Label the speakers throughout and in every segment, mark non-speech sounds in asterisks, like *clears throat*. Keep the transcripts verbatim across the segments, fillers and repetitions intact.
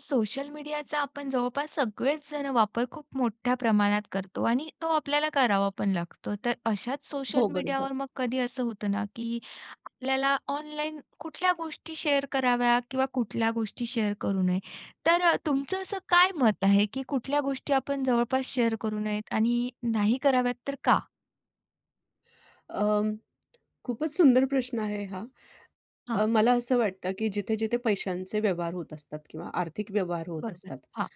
Speaker 1: Social मीडियाचा आपण जवळपास सगळेच जण वापर खूप मोठ्या प्रमाणात करतो आणि तो आपल्याला करावा पण लागतो. तर अशाच सोशल
Speaker 2: हो, बरोबर.
Speaker 1: मीडियावर मग कधी असं होतं ना, की आपल्याला ऑनलाईन कुठल्या गोष्टी शेअर कराव्या किंवा कुठल्या गोष्टी शेअर करू नये? तर तुमचं असं काय मत आहे की कुठल्या गोष्टी आपण जवळपास शेअर करू नयेत आणि नाही कराव्यात तर का?
Speaker 2: अ, खूपच सुंदर प्रश्न आहे हा. अ,
Speaker 1: हां.
Speaker 2: मला असं वाटतं, की जिथे-जिथे पैशांचे व्यवहार होत असतात किंवा आर्थिक व्यवहार होत
Speaker 1: बरोबर,
Speaker 2: असतात.
Speaker 1: हां.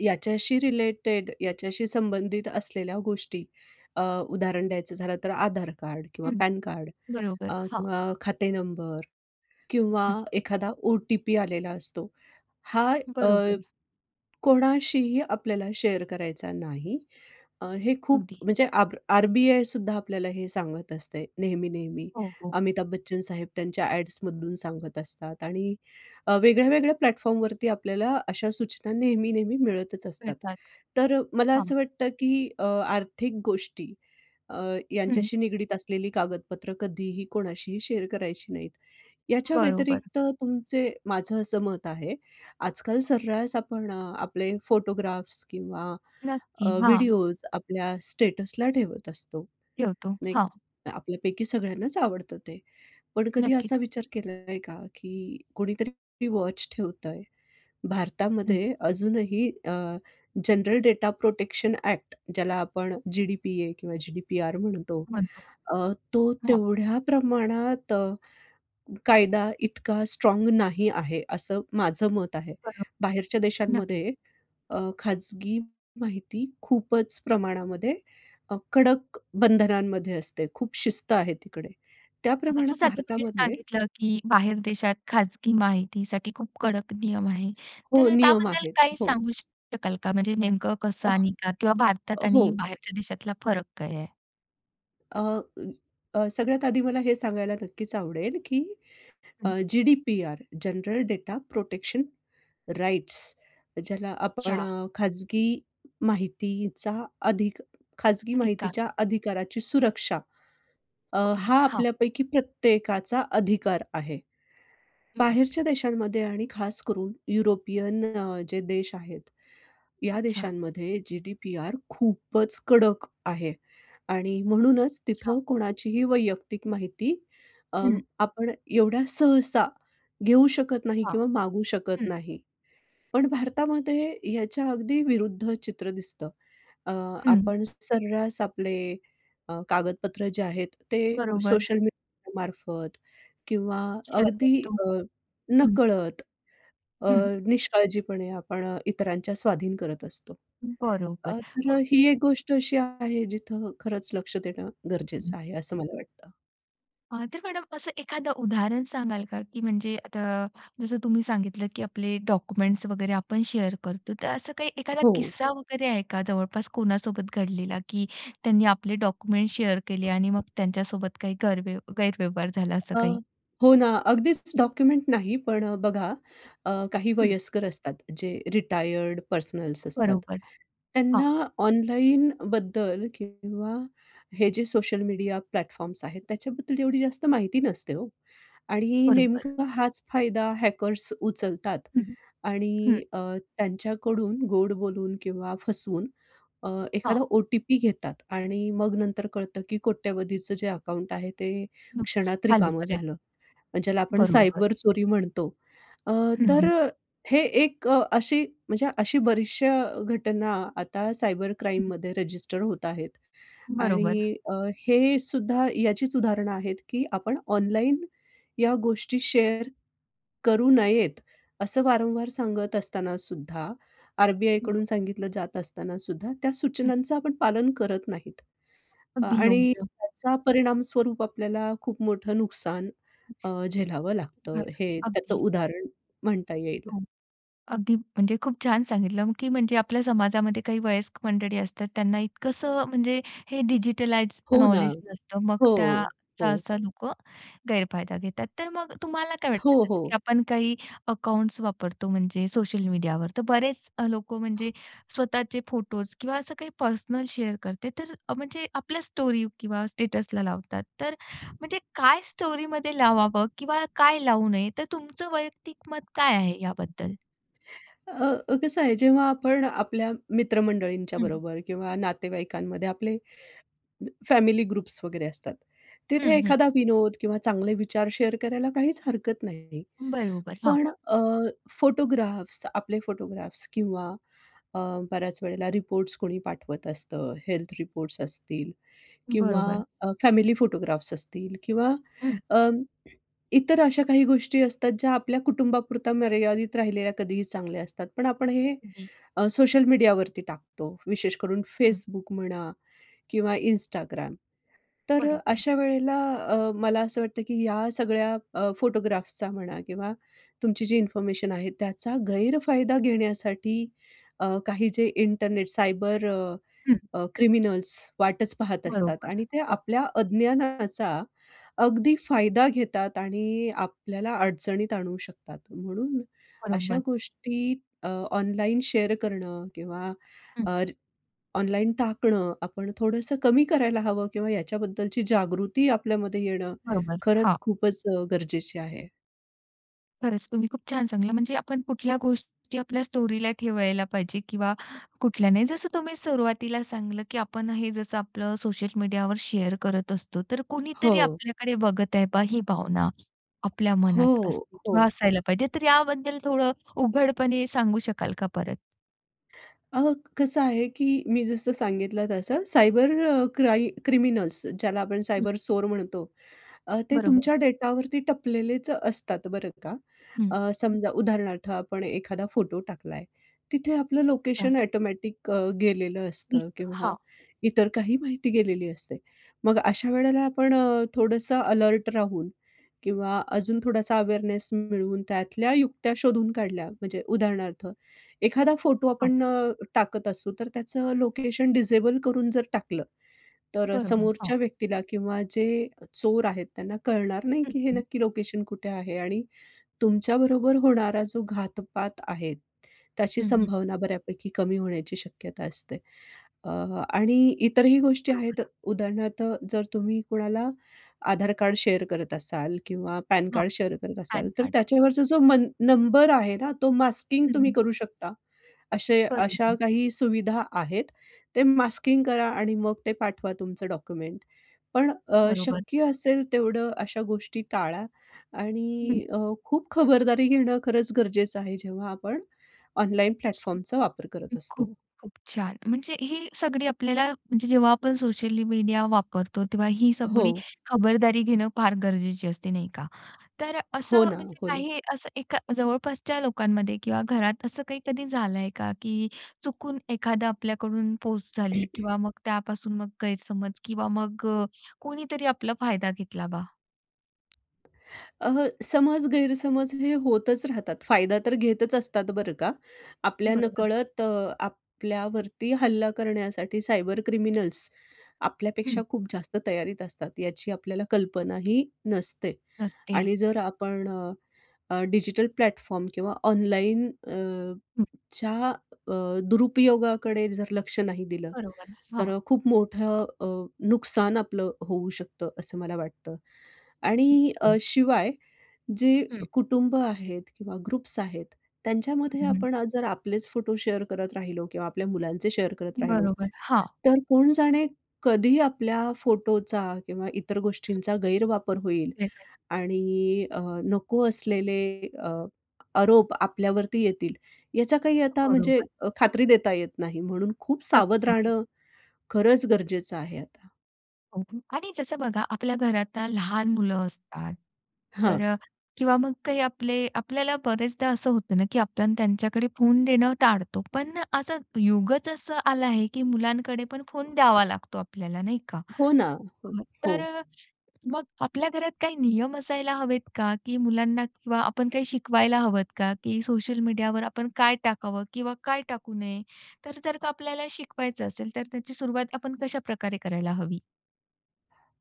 Speaker 2: याच्याशी रिलेटेड याच्याशी संबंधित असलेल्या गोष्टी अ, उदाहरण द्यायचं झालं तर आधार कार्ड किंवा
Speaker 1: हं,
Speaker 2: पॅनकार्ड
Speaker 1: बरोबर,
Speaker 2: अ,
Speaker 1: हां.
Speaker 2: किंवा खाते नंबर किंवा
Speaker 1: हं.
Speaker 2: एखादा ओटीपी आलेला असतो. हा अ,
Speaker 1: बरोबर.
Speaker 2: कोणाशीही आपल्याला शेअर करायचा नाही. अ, हे खूप
Speaker 1: अगदी.
Speaker 2: म्हणजे आरब आरबीआयसुद्धा आपल्याला हे सांगत असते नेहमी, नेहमी.
Speaker 1: हो, हो.
Speaker 2: अमिताभ बच्चन साहेब त्यांच्या ॲड्स मधून सांगत असतात आणि वेगळ्या-वेगळ्या प्लॅटफॉर्म वरती आपल्याला अशा सूचना नेहमी, नेहमी मिळतच असतात.
Speaker 1: *unintelligible*
Speaker 2: तर मला
Speaker 1: थांब.
Speaker 2: असं वाटतं, की अ, आर्थिक गोष्टी अ,
Speaker 1: हं.
Speaker 2: यांच्याशी निगडित असलेली कागदपत्रं कधीही कोणाशीही शेअर करायची नाहीत. याच्या
Speaker 1: बरोबर.
Speaker 2: व्यतिरिक्त तुमचे माझं असं मत आहे, आजकाल सर्रास आपण अ, आपले फोटोग्राफ्स किंवा अ,
Speaker 1: नक्की, हां.
Speaker 2: व्हिडिओज आपल्या स्टेटस ला ठेवत असतो,
Speaker 1: ठेवतो.
Speaker 2: नाही
Speaker 1: हां.
Speaker 2: का. आपल्यापैकी सगळ्यांनाच आवडतं ते. पण कधी
Speaker 1: नक्कीच.
Speaker 2: असा विचार केलाय का? की कोणीतरी वॉच ठेवतय,
Speaker 1: हं.
Speaker 2: भारतामध्ये अजूनही अ, जनरल डेटा-प्रोटेक्शन एक्ट ज्याला आपण जीडीपीए किंवा जीडीपीआर म्हणतो
Speaker 1: म्हणतो.
Speaker 2: अ, तो
Speaker 1: हां.
Speaker 2: तेवढ्या प्रमाणात अ, कायदा इतका स्ट्राँग नाही आहे, असं माझं मत आहे.
Speaker 1: बरोबर,
Speaker 2: बाहेरच्या
Speaker 1: नक्की.
Speaker 2: देशांमध्ये अ, खाजगी माहिती खूपच प्रमाणामध्ये अ, कडक बंधनांमध्ये असते. खूप शिस्त आहे तिकडे. त्या प्रमाणात
Speaker 1: माझ्यासारखं तुम्ही
Speaker 2: भारतामध्ये
Speaker 1: सांगितलं, की बाहेर देशात खाजगी माहितीसाठी खूप कडक नियम आहे तर
Speaker 2: हो,
Speaker 1: अ,
Speaker 2: नियम
Speaker 1: त्याबद्दल
Speaker 2: आहेत.
Speaker 1: काही
Speaker 2: हो.
Speaker 1: सांगू शक शकाल का? म्हणजे नेमकं कसं
Speaker 2: *unintelligible*
Speaker 1: आणि का? किंवा भारतात
Speaker 2: अ,
Speaker 1: आणि
Speaker 2: हो.
Speaker 1: बाहेरच्या देशातला फरक काय आहे?
Speaker 2: अ, अ, अ, सगळ्यात आधी मला हे सांगायला नक्कीच आवडेल, की
Speaker 1: हं.
Speaker 2: GDPR, general data protection rights ज्याला आपण
Speaker 1: अच्छा.
Speaker 2: खाजगी माहितीचा अधिक खाजगी
Speaker 1: तरी का.
Speaker 2: माहितीच्या अधिकाराची सुरक्षा अ,
Speaker 1: ओके,
Speaker 2: हा
Speaker 1: हां.
Speaker 2: आपल्यापैकी प्रत्येकाचा अधिकार आहे.
Speaker 1: हं.
Speaker 2: बाहेरच्या देशांमध्ये आणि खास करून युरोपियन अ, जे देश आहेत, या
Speaker 1: अच्छा.
Speaker 2: देशांमध्ये जी-डी-पी-आर खूपच कडक आहे आणि म्हणूनच
Speaker 1: अच्छा.
Speaker 2: तिथं कोणाचीही वैयक्तिक माहिती अ,
Speaker 1: हं.
Speaker 2: आपण एवढ्या सहसा घेऊ शकत नाही
Speaker 1: हां,
Speaker 2: किंवा मागू शकत
Speaker 1: हं.
Speaker 2: नाही. पण भारतामध्ये याच्या अगदी विरुद्ध चित्र दिसतं. अ,
Speaker 1: हं.
Speaker 2: आपण सर्रास आपले अ, कागदपत्र जे आहेत ते
Speaker 1: बरोबर.
Speaker 2: सोशल मीडिया मार्फत किंवा
Speaker 1: शेअर
Speaker 2: अगदी
Speaker 1: करतो,
Speaker 2: अ,
Speaker 1: हं.
Speaker 2: नकळत अ,
Speaker 1: हं.
Speaker 2: निष्काळजीपणे आपण इतरांच्या स्वाधीन करत असतो.
Speaker 1: बरोबर
Speaker 2: अ, तर
Speaker 1: मग
Speaker 2: ही एक गोष्ट अशी आहे जिथं खरंच लक्ष देणं गरजेचं
Speaker 1: *unintelligible*
Speaker 2: आहे, असं मला वाटतं.
Speaker 1: आह, तर मॅडम असं एखादं, उदाहरण सांगाल का की म्हणजे आता, जसं तुम्ही सांगितलं, की आपले डॉक्युमेंट्स वगैरे, आपण शेअर करतो. तर, असं काही एखादा
Speaker 2: हो.
Speaker 1: किस्सा वगैरे, आहे का? जवळपास कोणासोबत घडलेला, की त्यांनी, आपले डॉक्युमेंट्स शेअर केले आणि मग, त्यांच्यासोबत काही गरव गैरव्यवहार झाला असं
Speaker 2: अ,
Speaker 1: काही?
Speaker 2: हो ना, अगदीच डॉक्युमेंट नाही, पण बघा अ, काही
Speaker 1: हं.
Speaker 2: वयस्कर असतात जे रिटायर्ड पर्सनल्स असतात.
Speaker 1: बरोबर, हां.
Speaker 2: त्यांना ऑनलाईनबद्दल किंवा हे, जे सोशल मीडिया प्लॅटफॉर्म्स आहेत, त्याच्याबद्दल एवढी जास्त माहिती नसते हो. आणि
Speaker 1: बरोबर.
Speaker 2: नेमका, हाच फायदा हॅकर्स उचलतात
Speaker 1: हं, हं. हं.
Speaker 2: आणि अ, त्यांच्याकडून गोड बोलून किंवा फसवून अ,
Speaker 1: हां.
Speaker 2: एखादा ओ-टी-पी घेतात आणि मग, नंतर कळतं, की कोट्यवधींचं, जे अकाउंट आहे ते
Speaker 1: नुकस
Speaker 2: क्षणात
Speaker 1: चालेल,
Speaker 2: रिकामं
Speaker 1: चालेल.
Speaker 2: झालं. ज्याला आपण
Speaker 1: बरोबर.
Speaker 2: सायबर चोरी म्हणतो. अ,
Speaker 1: हं,
Speaker 2: तर
Speaker 1: हं.
Speaker 2: हे एक अशी म्हणजे अशी बरीचशा घटना, आता सायबर क्राईममध्ये रजिस्टर होत आहेत.
Speaker 1: बरोबर.
Speaker 2: आणि अ, हे सुद्धा, याचीच उदाहरणे आहेत, की आपण, ऑनलाईन या गोष्टी शेअर करू नयेत. असं वारंवार, सांगत असतानासुद्धा, आर. बी. आयकडून
Speaker 1: बरोबर.
Speaker 2: सांगितलं जात असतानासुद्धा, त्या
Speaker 1: हं.
Speaker 2: सूचनांचं आपण पालन करत नाहीत
Speaker 1: अगदी
Speaker 2: आणि
Speaker 1: योग्य.
Speaker 2: त्याचा, परिणामस्वरूप आपल्याला खूप मोठं नुकसान अ, झेलावं
Speaker 1: बरं,
Speaker 2: लागतं, हे त्याचं
Speaker 1: अगदी.
Speaker 2: उदाहरण म्हणता येईल.
Speaker 1: हो. अगदी, म्हणजे खूप छान सांगितलं, की म्हणजे आपल्या समाजामध्ये काही वयस्क मंडळी असतात, त्यांना इतकंसं म्हणजे हे, डिजिटलाइज
Speaker 2: हो ना.
Speaker 1: नॉलेज नसतं,
Speaker 2: हो.
Speaker 1: मग त्याचा
Speaker 2: हो.
Speaker 1: असा लोकं गैरफायदा घेतात. तर, मग तुम्हाला काय वाटतं?
Speaker 2: हो,
Speaker 1: जसं की
Speaker 2: हो.
Speaker 1: आपण काही अकाउंट्स वापरतो, म्हणजे सोशल मीडियावर तर, बरेच लोकं म्हणजे, स्वतःचे फोटोज किंवा असं काही पर्सनल शेअर करते, तर म्हणजे आपल्या स्टोरी किंवा स्टेटसला लावतात. तर म्हणजे काय स्टोरीमध्ये लावावं किंवा काय लावू नये, तर तुमचं, वैयक्तिक मत काय आहे याबद्दल?
Speaker 2: अ, अ, कसं आहे? जेव्हा आपण आपल्या मित्रमंडळींच्या
Speaker 1: हं, हं.
Speaker 2: बरोबर किंवा नातेवाईकांमध्ये आपले फॅमिली ग्रुप्स वगैरे असतात. तिथे
Speaker 1: हं, हं.
Speaker 2: एखादा विनोद किंवा चांगले विचार शेअर करायला काहीच हरकत नाही.
Speaker 1: बरोबर, हां.
Speaker 2: पण अ, फोटोग्राफ्स आपले फोटोग्राफ्स किंवा अ, बऱ्याच वेळेला रिपोर्ट्स कोणी पाठवत असतं. हेल्थ रिपोर्ट्स असतील किंवा
Speaker 1: बरोबर.
Speaker 2: अ, फॅमिली फोटोग्राफ्स असतील किंवा
Speaker 1: हं.
Speaker 2: अ, इतर अशा काही गोष्टी असतात, ज्या आपल्या कुटुंबापुरता मर्यादित राहिलेल्या कधीही चांगल्या असतात. पण आपण हे
Speaker 1: जी.
Speaker 2: अ, सोशल मीडियावरती टाकतो, विशेष करून
Speaker 1: हं.
Speaker 2: Facebook म्हणा किंवा Instagram. तर अ,
Speaker 1: बरोबर.
Speaker 2: अशा वेळेला अ, मला असं वाटतं, की या सगळ्या अ, फोटोग्राफ्सचा म्हणा किंवा तुमची जी इन्फॉर्मेशन आहे त्याचा गैरफायदा घेण्यासाठी अ, काही जे इंटरनेट सायबर अ,
Speaker 1: हं.
Speaker 2: अ क्रिमिनल्स वाटच पाहत असतात
Speaker 1: बरोबर,
Speaker 2: आणि ते
Speaker 1: ओके.
Speaker 2: आपल्या अज्ञानाचा अगदी फायदा घेतात आणि आपल्याला अडचणीत आणू शकतात. म्हणून अशा
Speaker 1: बरोबर.
Speaker 2: गोष्टी अ, ऑनलाईन शेअर करणं किंवा
Speaker 1: हं.
Speaker 2: अ, ऑनलाईन टाकणं आपण थोडंसं कमी करायला हवं किंवा याच्याबद्दलची जागृती आपल्यामध्ये येणं,
Speaker 1: बरोबर,
Speaker 2: खरंच
Speaker 1: हां.
Speaker 2: खूपच अ, गरजेचे आहे.
Speaker 1: खरंच तुम्ही खूप छान सांगितले, म्हणजे आपण कुठल्या गोष्टी आपल्या स्टोरीला ठेवायला पाहिजे किंवा कुठल्या नाही? जसं तुम्ही सुरुवातीला सांगितलं की आपण हे जसं आपलं सोशल मीडियावर शेअर करत असतो. तर कुणीतरी
Speaker 2: हो.
Speaker 1: आपल्याकडे बघत आहे पाहा ही भावना, आपल्या
Speaker 2: हो,
Speaker 1: मनात असते किंवा
Speaker 2: हो.
Speaker 1: असायला पाहिजे. तर याबद्दल थोडं उघडपणे सांगू शकाल का परत?
Speaker 2: अ, कसं आहे की मी जसं सांगितलं तसं. सायबर अ, क्राई क्रिमिनल्स, ज्याला आपण
Speaker 1: हं.
Speaker 2: सायबर चोर म्हणतो. अ, ते
Speaker 1: बरोबर.
Speaker 2: तुमच्या डेटावरती टपलेलेच अ, असतात बरं का.
Speaker 1: हं,
Speaker 2: अ,
Speaker 1: हं.
Speaker 2: समजा उदाहरणार्थ आपण एखादा फोटो टाकला आहे, तिथे आपलं
Speaker 1: अच्छा.
Speaker 2: लोकेशन ॲटोमॅटिक अ, गेलेलं असतं
Speaker 1: दिसतं,
Speaker 2: किंवा
Speaker 1: हां.
Speaker 2: इतर काही माहिती गेलेली असते. मग अशा वेळेला आपण अ, थोडंसं अलर्ट राहून किंवा अजून थोडासा अवेअरनेस मिळवून त्यातल्या युक्त्या शोधून काढल्या. म्हणजे उदाहरणार्थ एखादा फोटो
Speaker 1: हां.
Speaker 2: आपण अ, टाकत असू, तर त्याचं लोकेशन डिसेबल करून जर टाकलं, तर अ,
Speaker 1: बरोबर, हां.
Speaker 2: समोरच्या व्यक्तीला किंवा जे चोर आहेत त्यांना कळणार नाही
Speaker 1: हं,
Speaker 2: की हे
Speaker 1: हं.
Speaker 2: नक्की लोकेशन कुठे आहे? आणि तुमच्याबरोबर होणारा जो घातपात आहे. त्याची
Speaker 1: हं, हं.
Speaker 2: संभावना बऱ्यापैकी कमी होण्याची शक्यता असते. अ, आणि इतरही गोष्टी आहेत.
Speaker 1: बरोबर.
Speaker 2: उदाहरणार्थ जर तुम्ही कोणाला आधार कार्ड शेअर करत असाल किंवा पॅन
Speaker 1: हो,
Speaker 2: कार्ड शेअर करत असाल.
Speaker 1: पॅन
Speaker 2: तर
Speaker 1: कार्ड.
Speaker 2: त्याच्यावरचा जो मन नंबर आहे ना? तो मास्किंग
Speaker 1: हं,
Speaker 2: तुम्ही
Speaker 1: हं.
Speaker 2: करू शकता. अशे अशा
Speaker 1: बरोबर.
Speaker 2: काही सुविधा आहेत. ते मास्किंग करा आणि मग ते पाठवा तुमचं डॉक्युमेंट. पण अ,
Speaker 1: बरोबर.
Speaker 2: शक्य असेल तेवढं अशा गोष्टी टाळा
Speaker 1: हं.
Speaker 2: आणि अ, खूप खबरदारी घेणं, खरंच गरजेचं आहे. जेव्हा आपण ऑनलाईन
Speaker 1: हं,
Speaker 2: प्लॅटफॉर्मचा वापर करत
Speaker 1: हं. खूप,
Speaker 2: असतो.
Speaker 1: खूप छान! म्हणजे हे सगळी आपल्याला, म्हणजे जेव्हा आपण सोशल मीडिया वापरतो. तेव्हा ही सगळी
Speaker 2: हो.
Speaker 1: खबरदारी घेणं फार गरजेचे असते नाही का? तर
Speaker 2: हो
Speaker 1: असं
Speaker 2: ना,
Speaker 1: म्हणजे
Speaker 2: हो ना.
Speaker 1: काही असं एका जवळपासच्या लोकांमध्ये किंवा घरात असं काही कधी झालं आहे का? की चुकून एखादा आपल्याकडून पोस्ट झाली
Speaker 2: *clears throat*
Speaker 1: किंवा मग त्यापासून मग गैरसमज किंवा मग अ, कोणीतरी आपला फायदा घेतला बा?
Speaker 2: अ, समज गैरसमज हे होतच राहतात. फायदा तर घेतच असतात बरं का. आपल्या
Speaker 1: बरोबर.
Speaker 2: नकळत अ, आपल्यावरती हल्ला करण्यासाठी सायबर क्रिमिनल्स
Speaker 1: हं.
Speaker 2: आपल्यापेक्षा खूप जास्त तयारीत असतात. याची आपल्याला कल्पनाही नसते
Speaker 1: नसते.
Speaker 2: आणि जर आपण अ, अ, डिजिटल प्लॅटफॉर्म किंवा ऑनलाइन अ, ...च्या अ, दुरुपयोगाकडे जर लक्ष नाही दिलं,
Speaker 1: बरोबर, हां.
Speaker 2: तर खूप मोठं अ, नुकसान आपलं होऊ शकतं, असं मला वाटतं. आणि अ,
Speaker 1: हो.
Speaker 2: शिवाय जे
Speaker 1: हं.
Speaker 2: कुटुंब आहेत किंवा ग्रुप्स आहेत, त्यांच्यामध्ये
Speaker 1: हं.
Speaker 2: आपण जर आपलेच फोटो शेअर करत राहिलो किंवा आपल्या मुलांचे शेअर करत राहिलो,
Speaker 1: बरोबर, हां.
Speaker 2: तर कोण जाणे, कधी आपल्या फोटोचा किंवा इतर गोष्टींचा गैरवापर होईल.
Speaker 1: *unintelligible*
Speaker 2: आणि अ, नको असलेले अ, आरोप आपल्यावरती येतील, याचा काही
Speaker 1: अ,
Speaker 2: आता म्हणजे
Speaker 1: बरोबर.
Speaker 2: खात्री देता येत नाही. म्हणून खूप
Speaker 1: नक्कीच,
Speaker 2: सावध
Speaker 1: नक्कीच.
Speaker 2: राहणं खरंच गरजेचं आहे आता.
Speaker 1: *unintelligible* आणि जसं बघा आपल्या घरात लहान मुलं असतात, तर
Speaker 2: हां.
Speaker 1: अ, किंवा मग काही आपले आपल्याला बरेचदा असं होतं ना, की आपल्याला त्यांच्याकडे फोन देणं टाळतो. पण असं युगच असं आलं आहे, की मुलांकडे पण फोन द्यावा लागतो, आपल्याला नाही का?
Speaker 2: हो ना. हो,
Speaker 1: अ,
Speaker 2: हो.
Speaker 1: तर अ, मग आपल्या घरात काही नियम असायला हवेत का? की मुलांना किंवा आपण काही शिकवायला हवंत का? की सोशल मीडियावर आपण काय टाकावं किंवा काय टाकू नये? तर जर का आपल्याला शिकवायचं असेल, तर त्याची सुरुवात आपण कशाप्रकारे करायला हवी?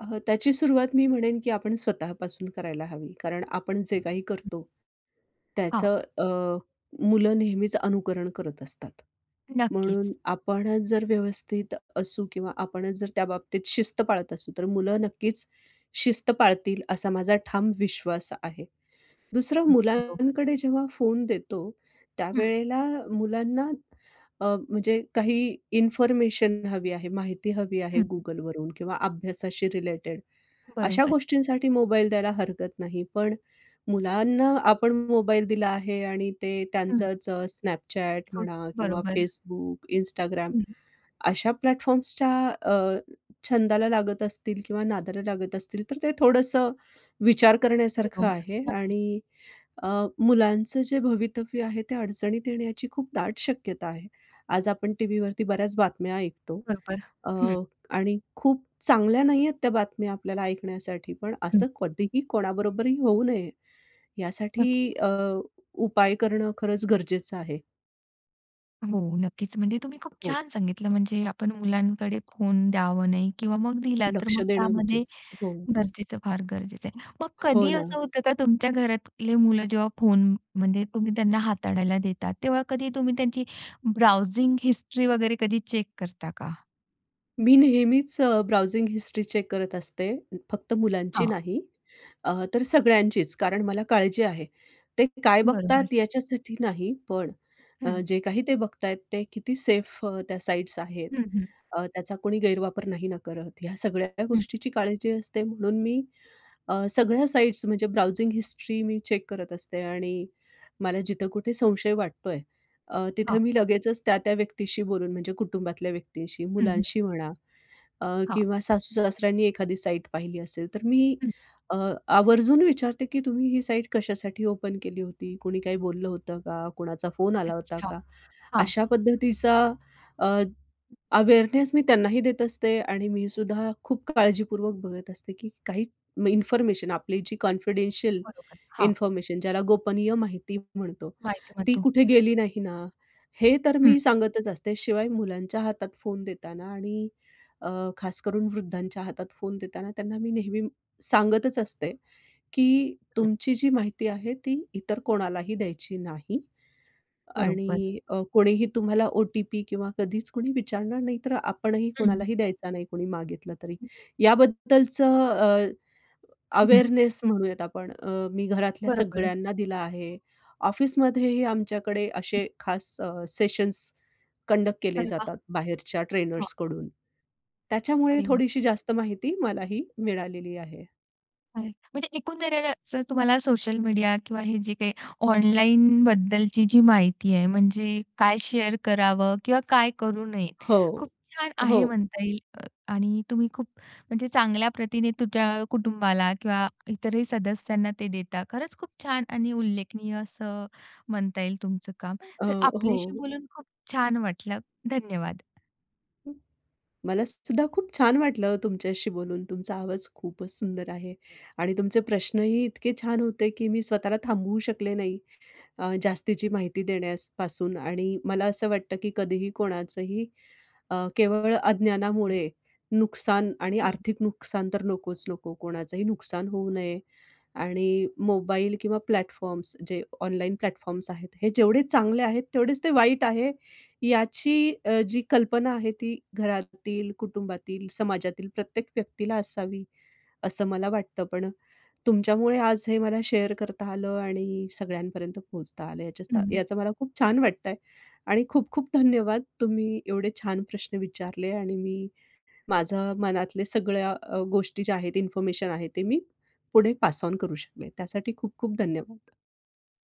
Speaker 2: अह, त्याची सुरुवात मी म्हणेन की आपण स्वतःपासून करायला हवी. कारण आपण जे काही करतो, त्याचं
Speaker 1: हा.
Speaker 2: अ, मुलं नेहमीच अनुकरण करत असतात.
Speaker 1: नक्कीच.
Speaker 2: म्हणून आपणच जर व्यवस्थित असू किंवा आपणच जर त्याबाबतीत शिस्त पाळत असू, तर मुलं नक्कीच शिस्त पाळतील. असा माझा ठाम विश्वास आहे. दुसरं,
Speaker 1: बरोबर.
Speaker 2: मुलांकडे जेव्हा फोन देतो
Speaker 1: हं.
Speaker 2: त्यावेळेला मुलांना अ, म्हणजे काही इन्फॉर्मेशन हवी आहे, माहिती हवी आहे
Speaker 1: हं.
Speaker 2: Googleवरून किंवा अभ्यासाशी रिलेटेड अशा
Speaker 1: बरोबर.
Speaker 2: गोष्टींसाठी मोबाईल द्यायला हरकत नाही. पण मुलांना आपण मोबाईल दिला आहे आणि ते
Speaker 1: हं.
Speaker 2: त्यांचंच Snapchat म्हणा किंवा
Speaker 1: बरोबर.
Speaker 2: Facebook, Instagram
Speaker 1: हं.
Speaker 2: अशा प्लॅटफॉर्म्सच्या अ, छंदाला लागत असतील किंवा नादाला लागत असतील, तर ते थोडंसं विचार
Speaker 1: हो,
Speaker 2: करण्यासारखं आहे
Speaker 1: नक्कीच.
Speaker 2: आणि अ, मुलांचं जे भवितव्य आहे. ते अडचणीत येण्याची खूप दाट शक्यता आहे. आज आपण टीव्हीवरती बऱ्याच बातम्या ऐकतो
Speaker 1: बरोबर,
Speaker 2: अ,
Speaker 1: हं.
Speaker 2: आणि खूप चांगल्या नाहीयेत त्या बातम्या आपल्याला ऐकण्यासाठी. पण असं
Speaker 1: हं.
Speaker 2: कधीही कोणाबरोबरही होऊ नये, यासाठी अ,
Speaker 1: *unintelligible*
Speaker 2: उपाय करणं खरंच गरजेचं आहे.
Speaker 1: हो नक्कीच. म्हणजे, तुम्ही खूप
Speaker 2: हो.
Speaker 1: छान सांगितलं. म्हणजे, आपण मुलांकडे फोन द्यावं नाही किंवा मग दिला तर
Speaker 2: लक्ष
Speaker 1: मग,
Speaker 2: देणं
Speaker 1: त्यामध्ये
Speaker 2: गरजेचं हो.
Speaker 1: गरजेचं फार गरजेचं आहे. मग
Speaker 2: हो
Speaker 1: कधी असं
Speaker 2: ना.
Speaker 1: होतं का तुमच्या घरातले मुलं जेव्हा फोनमध्ये तुम्ही त्यांना हाताळायला देतात. तेव्हा कधी तुम्ही त्यांची ब्राउजिंग हिस्ट्री वगैरे कधी चेक करता का?
Speaker 2: मी नेहमीच ब्राउजिंग हिस्ट्री चेक करत असते फक्त मुलांची
Speaker 1: हां.
Speaker 2: नाही अ, तर सगळ्यांचीच, कारण मला काळजी आहे. ते काय बघतात
Speaker 1: बरोबर.
Speaker 2: याच्यासाठी नाही, पण अ,
Speaker 1: हं.
Speaker 2: जे काही ते बघत आहेत ते किती सेफ अ, त्या साइट्स आहेत.
Speaker 1: हं, हं.
Speaker 2: अ, त्याचा कोणी गैरवापर नाही न करत? ह्या सगळ्या
Speaker 1: हं.
Speaker 2: गोष्टीची काळजी असते. म्हणून मी अ, सगळ्या साइट्स म्हणजे ब्राउजिंग हिस्ट्री मी चेक करत असते आणि मला जिथं कुठे संशय वाटतो आहे अ, तिथं
Speaker 1: हां.
Speaker 2: मी लगेचच त्या-त्या व्यक्तीशी बोलून म्हणजे कुटुंबातल्या व्यक्तींशी,
Speaker 1: हं, हं.
Speaker 2: मुलांशी म्हणा अ,
Speaker 1: हां.
Speaker 2: किंवा सासू-सासऱ्यांनी एखादी साईट पाहिली असेल तर मी
Speaker 1: हं.
Speaker 2: अ, आवर्जून विचारते की तुम्ही ही साईट कशासाठी ओपन केली होती? कोणी काही बोललं होतं का? कोणाचा फोन आला होता
Speaker 1: अच्छा,
Speaker 2: का?
Speaker 1: हां.
Speaker 2: अशा पद्धतीचा अ, अवेअरनेस मी त्यांनाही देत असते आणि मीसुद्धा खूप काळजीपूर्वक बघत असते, की काही इन्फॉर्मेशन, आपली जी कॉन्फिडेंशियल
Speaker 1: बरोबर, हां.
Speaker 2: इन्फॉर्मेशन ज्याला गोपनीय माहिती म्हणतो,
Speaker 1: माहिती
Speaker 2: ती
Speaker 1: म्हणतो.
Speaker 2: कुठे गेली नाही ना? हे तर
Speaker 1: हं.
Speaker 2: मी सांगतच असते. शिवाय मुलांच्या हातात फोन देताना आणि अ, खास करून वृद्धांच्या हातात फोन देताना त्यांना मी नेहमी सांगतच असते, की
Speaker 1: हं.
Speaker 2: तुमची जी माहिती आहे ती इतर कोणालाही द्यायची नाही
Speaker 1: बरोबर.
Speaker 2: आणि अ, कोणीही तुम्हाला ओ-टी-पी किंवा कधीच कोणी विचारणार नाही तर आपणही
Speaker 1: हं.
Speaker 2: कोणालाही द्यायचा नाही, कोणी मागितलं तरी. याबद्दलचं अ,
Speaker 1: हं.
Speaker 2: अवेअरनेस म्हणूयात आपण अ, मी घरातल्या
Speaker 1: बरोबर.
Speaker 2: सगळ्यांना दिला आहे. ऑफिसमध्येही आमच्याकडे असे खास अ, सेशन्स कंडक्ट केले
Speaker 1: अरे वाह!
Speaker 2: जातात बाहेरच्या
Speaker 1: हो.
Speaker 2: ट्रेनर्सकडून. त्याच्यामुळे
Speaker 1: अरे
Speaker 2: थोडीशी
Speaker 1: वाह!
Speaker 2: जास्त माहिती मलाही मिळालेली आहे.
Speaker 1: बरं. म्हणजे एकूण दररच तुम्हाला सोशल मीडिया किंवा हे जे काही ऑनलाईनबद्दलची जी माहिती आहे, म्हणजे काय शेअर करावं, किंवा काय करू नये, खूप
Speaker 2: हो,
Speaker 1: छान आहे
Speaker 2: हो.
Speaker 1: म्हणता येईल अ, आणि तुम्ही खूप म्हणजे चांगल्या प्रतीने तुमच्या कुटुंबाला किंवा इतरही सदस्यांना ते देता. खरंच खूप छान आणि उल्लेखनीय असं म्हणता येईल तुमचं काम.
Speaker 2: अ,
Speaker 1: तर आपल्याशी
Speaker 2: हो.
Speaker 1: बोलून खूप छान वाटलं, धन्यवाद!
Speaker 2: मला सुद्धा खूप छान वाटलं तुमच्याशी बोलून. तुमचा आवाज खूपच सुंदर आहे. आणि तुमचे प्रश्नही इतके छान होते, की मी स्वतःला थांबवू शकले नाही अ, जास्तीची माहिती देण्यास पासून आणि मला असं वाटतं की कधीही कोणाचंही, अ, केवळ
Speaker 1: हं.
Speaker 2: अज्ञानामुळे नुकसान आणि
Speaker 1: हं.
Speaker 2: आर्थिक नुकसान तर नकोच नको कोणाचंही नुकसान होऊ नये. आणि मोबाईल किंवा प्लॅटफॉर्म्स जे ऑनलाईन प्लॅटफॉर्म्स आहेत, हे जेवढे चांगले आहेत तेवढेच ते वाईट आहे, याची अ, जी कल्पना आहे ती घरातील, कुटुंबातील, समाजातील प्रत्येक व्यक्तीला असावी असं मला वाटतं. पण तुमच्यामुळे आज हे मला शेअर करता आलं आणि सगळ्यांपर्यंत पोहोचता आलं, याच्याचा
Speaker 1: हं.
Speaker 2: याचं मला खूप छान वाटत आहे. आणि खूप खूप धन्यवाद तुम्ही एवढे छान प्रश्न विचारले आणि मी माझं मनातल्या सगळ्या अ, गोष्टी ज्या आहेत, इन्फॉर्मेशन आहे ते मी पुढे पास ऑन करू शकले त्यासाठी खूप खूप धन्यवाद!